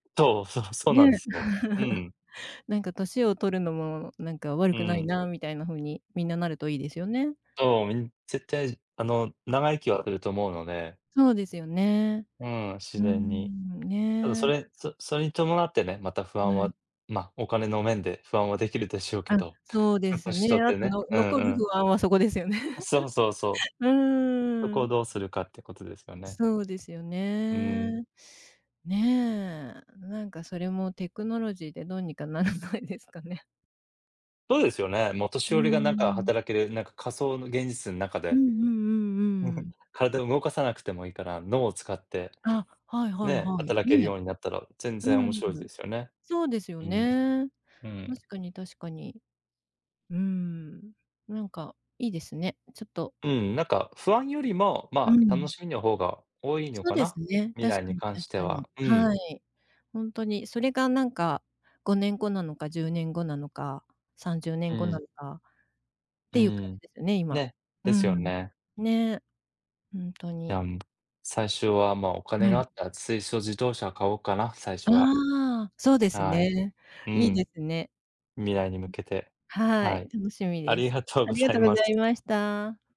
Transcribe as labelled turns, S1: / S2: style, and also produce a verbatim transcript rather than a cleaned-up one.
S1: とう、そうそうな
S2: ね。
S1: んですよ。うんうん。
S2: なんか歳を取るのもなんか悪
S1: う
S2: くない
S1: ん。
S2: なみたいな風に、みんななるといいですよね。
S1: そう、みん絶対じあの、長生きはすると思うので
S2: そうですよね。
S1: うん、自
S2: う
S1: 然に。
S2: ん、
S1: ただ
S2: ね。
S1: それんそそれに伴ってね、また不安
S2: は
S1: は、
S2: い。
S1: ま、お金の面で不安はできるでしょうけ
S2: あ、
S1: ど、
S2: そうで
S1: う
S2: す
S1: 年
S2: ね。
S1: 取っ
S2: あ
S1: て
S2: と
S1: ね
S2: の
S1: うん
S2: 残る
S1: うん。
S2: 不安はそこですよね。
S1: あ、そうそうそう。
S2: う
S1: そ
S2: ー
S1: こを
S2: ん。
S1: どうするかってことですよね。
S2: そうですよ
S1: うん。
S2: ね。ね。なんかそれもテクノロジーでどうにかならないですかね？
S1: そうですよね。もう年
S2: う
S1: 寄り
S2: ー
S1: がなんか
S2: ん。
S1: 働ける、なんか仮想の現実ん中
S2: うん
S1: で。
S2: うんうんうん。
S1: 体を動かさなくてもいいから、脳を使って、
S2: あ、はいはい
S1: ね、
S2: はい。
S1: 働ける
S2: ね。
S1: ようになったら全然
S2: う
S1: 面
S2: ん。
S1: 白いですよね。
S2: そうですよ
S1: うん、
S2: ね。
S1: うん。
S2: 確かに確かに。うん、なんかいいですね、ちょっと。
S1: うん、なんか不安よりも、
S2: う
S1: ま、楽
S2: ん。
S1: しみの方が多いの
S2: そう
S1: か
S2: で
S1: な、
S2: すね、
S1: 未
S2: 確
S1: 来
S2: か
S1: に
S2: に
S1: 関し
S2: 確
S1: て
S2: か
S1: は、
S2: に
S1: うん。
S2: はい、ほんとに。それがなんか、ごねんごなのか、じゅうねんごなのか、さんじゅうね
S1: う
S2: んごな
S1: ん。
S2: のかっ
S1: う
S2: ていう感
S1: ん。
S2: じですよね、今、
S1: ね、
S2: う
S1: ですよ
S2: ん。
S1: ね。
S2: ね、ふんと
S1: い
S2: に。
S1: や、ん、ぶ最初はま、お金
S2: は
S1: があ
S2: い。
S1: ったら水素自動車買おうかな、最初は。
S2: ああ、そうです
S1: はい。
S2: ね。
S1: う
S2: いいで
S1: ん。
S2: すね。
S1: 未来に向けて。
S2: うん、は
S1: は
S2: い、
S1: い。
S2: 楽しみ
S1: あ
S2: で
S1: り
S2: す。
S1: がとう
S2: あ
S1: ご
S2: りが
S1: ざ
S2: と
S1: い
S2: うご
S1: ます。
S2: ざいました。